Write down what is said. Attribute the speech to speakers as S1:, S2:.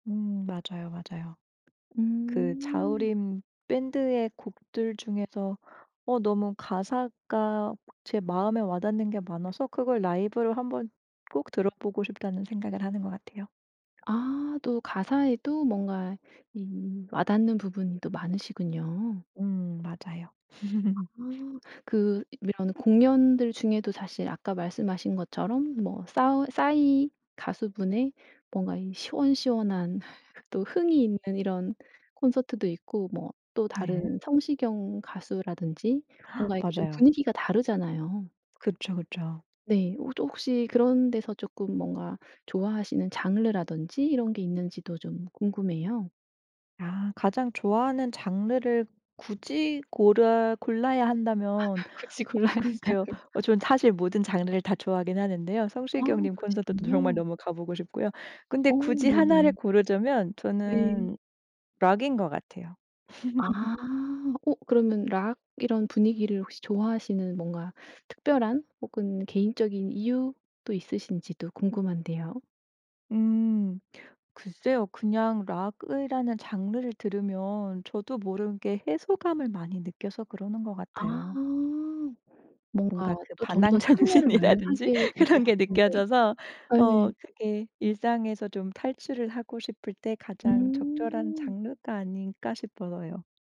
S1: 음. 맞아요, 맞아요. 그
S2: 음.
S1: 자우림 밴드의 곡들 중에서 어 너무 가사가 제 마음에 와닿는 게 많아서 그걸 '라이브로 한번 꼭 들어보고 싶다.'는 생각을 하는 것 같아요.
S2: 아. 또 가사에도 뭔가 이 와닿는 부분이 또 많으시군요.
S1: 음. 맞아요.
S2: 아. 그 이런 공연들 중에도 사실 아까 말씀하신 것처럼 뭐 싸우 싸이 가수분의 뭔가 이 시원시원한 또 흥이 있는 이런 콘서트도 있고 뭐 또
S1: 네.
S2: 다른 성시경 가수라든지 뭔가 이렇게 좀
S1: 맞아요.
S2: 분위기가 다르잖아요.
S1: 그쵸, 그쵸.
S2: 네. 홋 혹시 그런 데서 쪼끔 뭔가 좋아하시는 장르라든지 이런 게 있는지도 좀 궁금해요.
S1: 아. 가장 좋아하는 장르를 굳이 고라 골라야 한다면.
S2: 굳이 골라야
S1: 어
S2: 한다면.
S1: 글쎄요. 어 저는 사실 모든 장르를 다 좋아하긴 하는데요.
S2: 아.
S1: 성시경 님 콘서트도 정말
S2: 그러시군요.
S1: 너무 가보고 싶고요. 근데
S2: 어.
S1: 굳이 1 를
S2: 네네.
S1: 고르자면
S2: 네.
S1: 저는 록인 것 같아요.
S2: 아. 어 그러면 록 이런 분위기를 혹시 좋아하시는 뭔가 특별한 혹은 개인적인 이유도 있으신지도 궁금한데요.
S1: 음. 글쎄요. 그냥 록이라는 장르를 들으면 저도 모르게 해소감을 많이 느껴서 그러는 것
S2: 아.
S1: 같아요. 뭔가
S2: 뭔가
S1: 그
S2: 또 좀 더
S1: 반항
S2: 참여를 많이
S1: 정신이라든지
S2: 하게 된 것
S1: 그런 게
S2: 같은데
S1: 느껴져서.
S2: 아 예.
S1: 어. 그게 일상에서 좀 탈출을 하고 싶을 때 가장 적절한
S2: 음.
S1: 장르가 아닌가 싶어서요.